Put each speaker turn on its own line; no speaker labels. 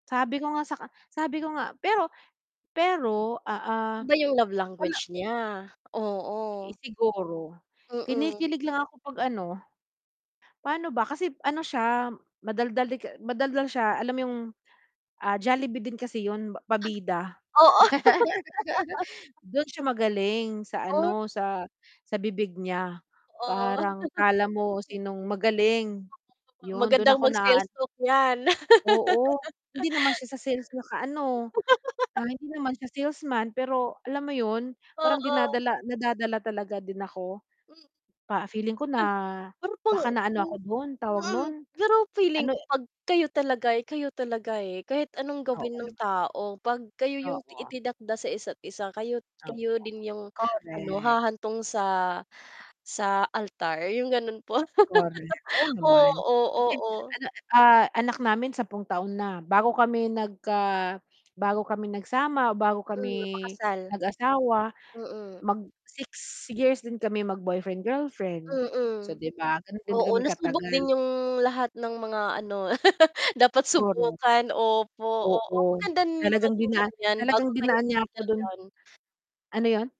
Sabi ko nga saka sabi ko nga, pero pero, oo,
Iba yung love
wala
language niya, oo.
Eh, siguro,
Mm.
kinikilig lang ako 'pag ano pa'no ba kasi ano siya madaldal 'di ka madaldal siya alam mo yung, ah, Jollibee din kasi 'yun, pa pabida.
Oo.
Do'n siya magaling sa
Oh?
ano, sa sa bibig niya,
Totoo
parang akala mo
M
sinong magaling,
[unintelligible]
'yun do'n
Magandang
ako
mag sales
na-aan
talk yan.
oo, hindi naman siya sa sales nakaano, ah, hindi naman siya salesman, pero alam mo 'yun, parang
Oo.
dinadala nadadala talaga din ako
M
pa feeling ko
Pero
na
[unintelligible] ko
baka naano ako do'n tawag
mm,
no'n,
pero feeling
ano
ko
e
'pag kayo talaga, eh, kayo talaga, eh, kahit anong
Oo
gawin ng
naman.
tao, 'pag kayo yung
Oo.
itinakda sa isa't isa, kayo't
Oo,
kayo din yung, ano,
correct.
hahantong sa, sa altar yung gano'n po
Correct, oo naman,
oo,
kasi
oo.
ano ah, anak namin 10 taon na bago kami nagka bago kami nagsama, o bago kami
Mm, mapakasal.
nag-asawa,
Mm.
mag 6 years din kami magboyfriend, girlfriend so
Mm.
'di ba, gano'n din
Oo,
kami
nasubok
katagal.
din yung lahat ng mga ano, dapat
Correct.
subukan opo, oo
Oo,
maganda din yung
talagang dina
ganiyan bago
talagang
kayo
dinaan niya ako
mag-settle
do'n
down.
ano 'yon?